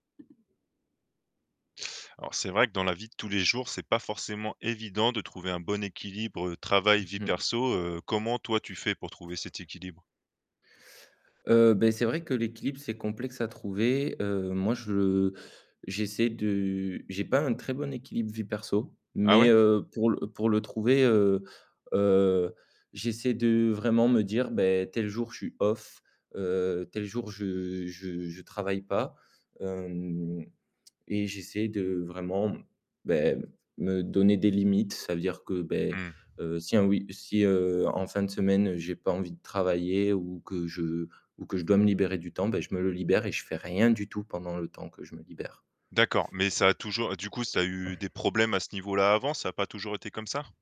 Alors, c'est vrai que dans la vie de tous les jours, c'est pas forcément évident de trouver un bon équilibre, heu, travail-vie Mmh mh. perso, heu, comment toi tu fais pour trouver cet équilibre? Heu, beh c'est vrai que l'équilibre c'est complexe à trouver. Heu, moi je, heu, j'essaie de, j'ai pas un très bon équilibre vie perso, Ah mais ouais? heu, pour le pour le trouver heu heu, j'essaie de heu, vraiment me dire: «Beh tel jour je suis off, heu, tel jour je je je travaille pas». Hem et j'essaie de heu, vraiment beh, me donner des limites, ça veut dire que beh, Mmh. heu, si un we si heu, en fin de semaine, heu, j'ai pas envie de travailler ou que je ou que je ou que je dois me libérer du temps, bah je me le libère et je fais rien du tout pendant le temps que je me libère. D'accord, mais ça a toujours du coup, ça a eu des problèmes à ce niveau-là avant? Ça a pas toujours été comme ça?